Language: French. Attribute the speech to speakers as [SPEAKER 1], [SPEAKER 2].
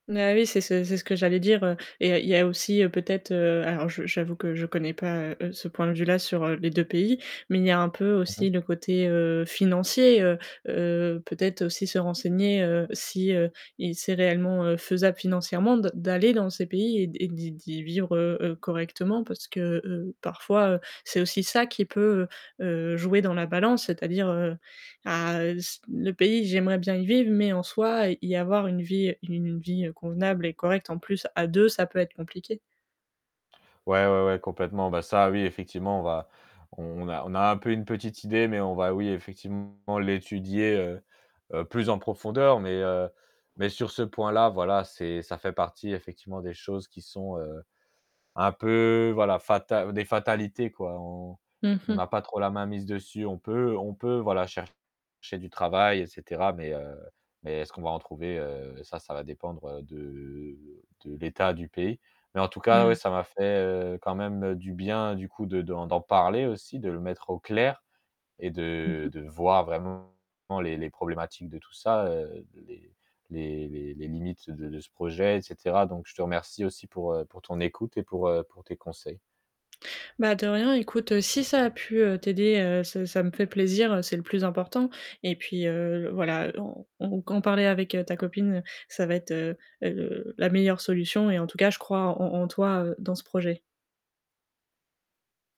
[SPEAKER 1] Mais oui, c'est ce c'est ce que j'allais dire, heu et il y a il y a aussi, heu, peut-être, heu alors je j'avoue que je connais pas, heu, ce point de vue-là sur les 2 pays, mais il y a un peu
[SPEAKER 2] Mmh mh.
[SPEAKER 1] aussi le côté, heu, financier, heu, heu, peut-être aussi se renseigner, heu, si, heu et c'est réellement, heu, faisable financièrement de d'aller dans ces pays et d et d'y d'y vivre, heu, heu, heu, correctement parce que, heu, parfois, heu, c'est aussi ça qui peut, heu, jouer dans la balance, c'est-à-dire, heu, ah, heu, c le pays, j'aimerais bien y vivre, mais en soit, y y avoir une vie une vie convenable et correcte, en plus à 2, ça peut être compliqué.
[SPEAKER 2] Ouais, ouais, ouais, complètement. Bah, ça, oui effectivement on va on a on a un peu une petite idée, mais on va, oui, effectivement l'étudier, heu, heu, plus en profondeur, mais, heu, mais sur ce point-là, voilà, c'est ça fait partie effectivement des choses qui sont, heu, un peu, voilà, fatal des fatalités, quoi, on
[SPEAKER 1] Mmh
[SPEAKER 2] on
[SPEAKER 1] mh.
[SPEAKER 2] n'a pas trop la main mise dessus. On peut on peut, voilà, chercher du travail et cetera mais, heu, mais est-ce qu'on va en trouver, heu, ça, ça va dépendre, heu, de de l'état du pays. Mais en tout cas,
[SPEAKER 1] Mouais.
[SPEAKER 2] ouais, ça m'a fait, heu, quand même du bien du coup, de d'en d'en parler aussi de le mettre au clair et
[SPEAKER 1] Mmh
[SPEAKER 2] de
[SPEAKER 1] mh.
[SPEAKER 2] de voir vraiment, les les problématiques de tout ça, heu, les les les les limites de de ce projet et cetera donc je te remercie aussi pour, heu, pour ton écoute et pour, heu, pour tes conseils.
[SPEAKER 1] Bah de rien, écoute si ça a pu, heu, t'aider, heu, ça ça me fait plaisir, c'est le plus important et puis, heu, voilà en en qu'en parler avec ta copine, ça va être, heu, heu, la meilleure solution et en tout cas, je crois en en toi, heu, dans ce projet.